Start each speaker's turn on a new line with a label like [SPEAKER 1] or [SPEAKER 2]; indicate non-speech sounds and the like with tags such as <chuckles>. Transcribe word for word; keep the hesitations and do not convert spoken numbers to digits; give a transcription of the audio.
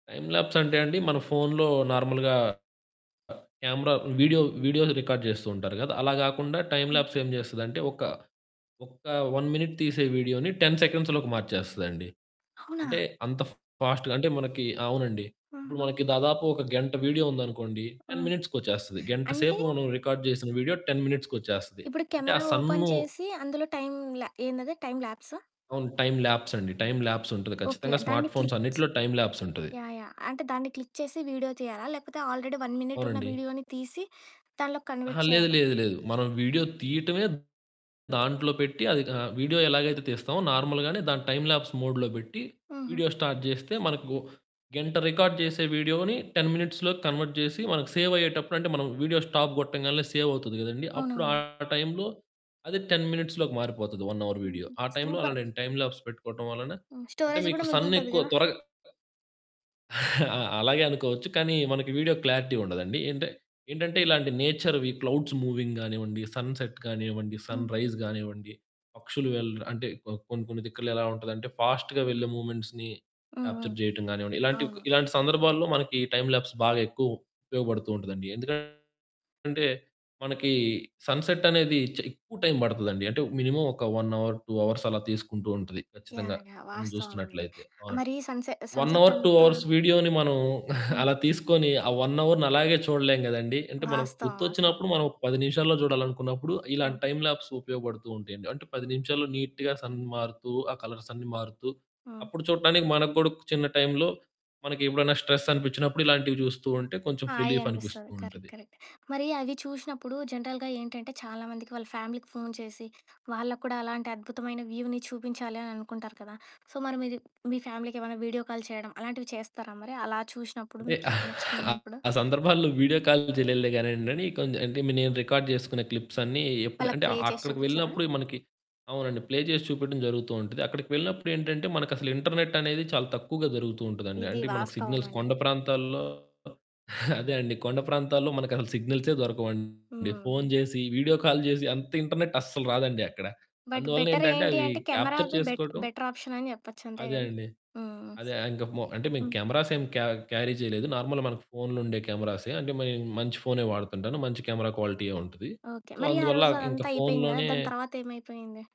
[SPEAKER 1] Time lapse అంటే అండి, మన ఫోనులో నార్మల్‌గా క్యామెరా వీడియో, వీడియోస్ రికార్డ్ జేస్తూ ఉంటారు గదా! అలా గాకుండా టైమ్
[SPEAKER 2] హ్మ్.
[SPEAKER 1] ల్యాప్స్ ఏం జేస్తదంటే ఒక, ఒక్క వన్ మినిట్ తీసే వీడియో‌ని టెన్ సెకండ్స్‌లోకి మార్చేస్తదండి. అంటే,
[SPEAKER 2] అవునా?
[SPEAKER 1] అంత ఫ్ ఫాస్ట్‌గా అంటే మనకి అవునండి. ఇప్పుడు
[SPEAKER 2] ఆహా!
[SPEAKER 1] మనకి దాదాపు ఒక గంట వీడియో ఉందనుకోండి,
[SPEAKER 2] ఆ!
[SPEAKER 1] టెన్ మినిట్స్‌కొచ్చేస్తది. గంట
[SPEAKER 2] అంటే
[SPEAKER 1] సేపు మనం రికార్డ్ జేసిన వీడియో టెన్ మినిట్స్‌కొచ్చేస్తది.
[SPEAKER 2] ఇప్పుడు
[SPEAKER 1] అంటే, ఆ
[SPEAKER 2] కెమెరా ఓపెన్
[SPEAKER 1] సన్ను
[SPEAKER 2] చేసి అందులో టైమ్ ల్యా ఏందది టైమ్ ల్యాప్సా?
[SPEAKER 1] అవును. టైమ్ ల్యాప్స్ అండి. టైమ్ ల్యాప్స్ ఉంటది.
[SPEAKER 2] ఓకే.
[SPEAKER 1] ఖచ్చితంగా
[SPEAKER 2] దాన్ని
[SPEAKER 1] స్మార్ట్ ఫోన్స్
[SPEAKER 2] క్లిక్
[SPEAKER 1] అన్నిటిలో టైమ్ ల్యాప్స్ ఉంటది.
[SPEAKER 2] చి యాహ్! యాహ్! అంటే, దాన్ని క్లిక్ చేసి వీడియో తీయాలా? లేకపోతే, ఆల్రెడీ వన్ మినిట్ ఉన్న
[SPEAKER 1] అవునండి.
[SPEAKER 2] వీడియో‌ని తీసి దానిలోకి
[SPEAKER 1] అహా!
[SPEAKER 2] కన్వర్ట్
[SPEAKER 1] లేదు,
[SPEAKER 2] చేయాలా?
[SPEAKER 1] లేదు, లేదు. మనం వీడియో తీయటమే దాంట్లో పెట్టి అది ఆహ్, వీడియో ఎలాగైతే తీస్తామో నార్మల్‌గానే దాని టైమ్ ల్యాప్స్ మోడ్‌లో బెట్టి
[SPEAKER 2] హుహు.
[SPEAKER 1] వీడియో స్టార్ట్ జేస్తే మనకు గంట రికార్డ్ జేసే వీడియో‌ని టెన్ మినిట్స్‌లోకి కన్వర్ట్ జేసి మనకు సేవయ్యేటప్పుడు అంటే, మనం వీడియో స్టాప్ గొట్టంగాల్నే సేవవుతది గదండీ, అప్పుడు ఆ
[SPEAKER 2] అవునవును.
[SPEAKER 1] టైంలో అది టెన్ మినిట్స్‌లో‌కి మారిపోతది వన్ అవర్ వీడియో.
[SPEAKER 2] హుహు.
[SPEAKER 1] ఆ టైంలో అలా
[SPEAKER 2] సూపర్!
[SPEAKER 1] నేను టైమ్ ల్యాప్స్ పెట్టుకోవటం వలన
[SPEAKER 2] ఓహ్!
[SPEAKER 1] అంటే,
[SPEAKER 2] స్టోరేజ్
[SPEAKER 1] మీకు
[SPEAKER 2] గూడా
[SPEAKER 1] సన్
[SPEAKER 2] మిగులుతది
[SPEAKER 1] ఎక్కువ
[SPEAKER 2] గదా!
[SPEAKER 1] త్వరగా <chuckles> ఆ! అలాగే అనుకోవచ్చు. కానీ మనకి వీడియో క్లారిటీ ఉండదండి. ఏంటే ఏంటంటే ఇలాంటి నేచర్‌వి క్లౌడ్స్ మూవింగ్ గానివ్వండి, సన్‌సెట్ కానివ్వండి, సన్‌రైజ్
[SPEAKER 2] హుహు.
[SPEAKER 1] గానివ్వండి, పక్షులు వెళ్ అంటే కొ కొన్ని కొన్ని దిక్కుల్లో ఎలా ఉంటదంటే ఫాస్ట్‌గా వెళ్ళే మూవ్‌మెంట్స్‌ని
[SPEAKER 2] హ్మ్. హ్మ్.
[SPEAKER 1] క్యాప్చర్ జేయటం గానివ్వండి, ఇలాంటివి కొ
[SPEAKER 2] అవును.
[SPEAKER 1] ఇలాంటి సందర్భాల్లో మనకి టైమ్ ల్యాప్స్ బాగా ఎక్కువ ఉపయోగబడుతూ ఉంటదండి. ఎందుకంటే మనకి సన్‌సెట్ అనేది చ్ ఎక్కువ టైం పడతదండి. అంటే, మినిమమ్ ఒక వన్ అవర్, టూ అవర్స్ అలా తీసుకుంటూ ఉంటది ఖచ్చితంగా
[SPEAKER 2] యాహ్! యాహ్!
[SPEAKER 1] మనం
[SPEAKER 2] వాస్తవమండి.
[SPEAKER 1] జూస్తున్నట్లయితే. అవునండి.
[SPEAKER 2] మరి సన్‌సె
[SPEAKER 1] వన్
[SPEAKER 2] సన్‌సెట్
[SPEAKER 1] అవర్, టూ
[SPEAKER 2] అంతా
[SPEAKER 1] అవర్స్ వీడియోని మనం <chuckles>
[SPEAKER 2] హ్మ్.
[SPEAKER 1] అలా తీసుకొని, ఆ వన్ అవర్‌ని అలాగే చూడలేం గదండీ! అంటే మనకు
[SPEAKER 2] వాస్తవం. వాస్తవం.
[SPEAKER 1] గుర్తొచ్చినప్పుడు మనం ఒక పది నిమిషాల్లో జూడాలనుకున్నప్పుడు, ఇలాంటి
[SPEAKER 2] అవును.
[SPEAKER 1] టైమ్ ల్యాప్స్ ఉపయోగబడుతూ ఉంటయండి. అంటే, పది నిమిషాల్లో నీట్‌గా సన్ మారుతూ, ఆ కలర్స్ అన్ని మారుతూ,
[SPEAKER 2] ఆ!
[SPEAKER 1] అప్పుడు చూడటానికి మనకు గూడా చిన్న టైంలో మనకి ఎప్పుడైనా స్ట్రెస్ అనిపిచ్చినప్పుడు ఇలాంటివి జూస్తూ ఉంటే కొంచెం ఫ్
[SPEAKER 2] హాయి
[SPEAKER 1] రిలీఫ్ అనిపిస్తూ
[SPEAKER 2] అనిపిస్తది. కరెక్ట్,
[SPEAKER 1] ఉంటది.
[SPEAKER 2] కరెక్ట్. మరి అవి చూషినప్పుడు జనరల్‌గా ఏంటంటే చాలామందికి వాళ్ళ ఫ్యామిలీకి ఫోను చేసి వాళ్ళకి కూడా అలాంటి అద్భుతమైన వ్యూని చూపించాలి అని అనుకుంటారు కదా! సో, మరి మీరు మీ ఫ్యామిలీకి ఏవైనా వీడియో కాలు చేయడం అలాంటివి చేస్తారా మరి అలా చూషినప్పుడు?
[SPEAKER 1] అంటే,
[SPEAKER 2] మీకి
[SPEAKER 1] <chuckles>
[SPEAKER 2] నచ్చినవున్నప్పుడు?
[SPEAKER 1] ఆ సందర్భాల్లో వీడియో కాలు జేయలేదులే గానియండి, అని కొంద్ అంటే మే నేను రికార్డ్ జేసుకున్న క్లిప్స్ అన్ని ఎప్పుడు
[SPEAKER 2] వాళ్ళకి
[SPEAKER 1] అంటే
[SPEAKER 2] ప్లే చేసి
[SPEAKER 1] అక్కడికి
[SPEAKER 2] చూపిచ్చారా?
[SPEAKER 1] వెళ్ళినప్పుడే మనకి అవునండి. ప్లే చేసి చూపెట్టడం జరుగుతూ ఉంటది. అక్కడికి వెళ్ళినప్పుడేంటంటే మనకసలు ఇంటర్నెట్ అనేది చాలా తక్కువగా జరుగుతూ ఉంటదండి.
[SPEAKER 2] ఇది
[SPEAKER 1] అంటే మనకు సిగ్నల్స్
[SPEAKER 2] వాస్తవమండి.
[SPEAKER 1] కొండ ప్రాంతాల్లో <chuckles> అదే అండి కొండ ప్రాంతాల్లో మనకసలు సిగ్నల్సే దొరకవండి. ఫోను
[SPEAKER 2] హ్మ్.
[SPEAKER 1] జేసి వీడియో కాలు జేసి అంత ఇంటర్నెట్ అస్సలు రాదండి అక్కడ.
[SPEAKER 2] బట్
[SPEAKER 1] అందువలనేంటంటే
[SPEAKER 2] బెటరేంటి
[SPEAKER 1] అవి
[SPEAKER 2] అంటే,
[SPEAKER 1] క్యాప్చర్
[SPEAKER 2] కెమెరాది బెట్
[SPEAKER 1] చేసుకోటం
[SPEAKER 2] బెటర్ ఆప్షన్ అని జెప్పొచ్చు. అంతే
[SPEAKER 1] అదే
[SPEAKER 2] గదా!
[SPEAKER 1] అండి.
[SPEAKER 2] హుహు.
[SPEAKER 1] అదే ఇంకా మొ అంటే మేము
[SPEAKER 2] హ్మ్.
[SPEAKER 1] కెమెరాస్ ఏం క్యా క్యారీ జేయలేదు. నార్మల్ మనకు ఫోనులో ఉండే కెమెరాసే. అంటే, మే మంచి ఫోనే వాడుతుంటాను. మంచి కెమెరా క్వాలిటీయే ఉంటది.
[SPEAKER 2] ఓకే.
[SPEAKER 1] సో,
[SPEAKER 2] మరి ఆ
[SPEAKER 1] అందువల్ల
[SPEAKER 2] రోజు
[SPEAKER 1] ఇంక
[SPEAKER 2] అదంతా అయిపోయింది గదా!
[SPEAKER 1] ఫోనులోనే
[SPEAKER 2] దాని తరవాత ఏమైపోయింది?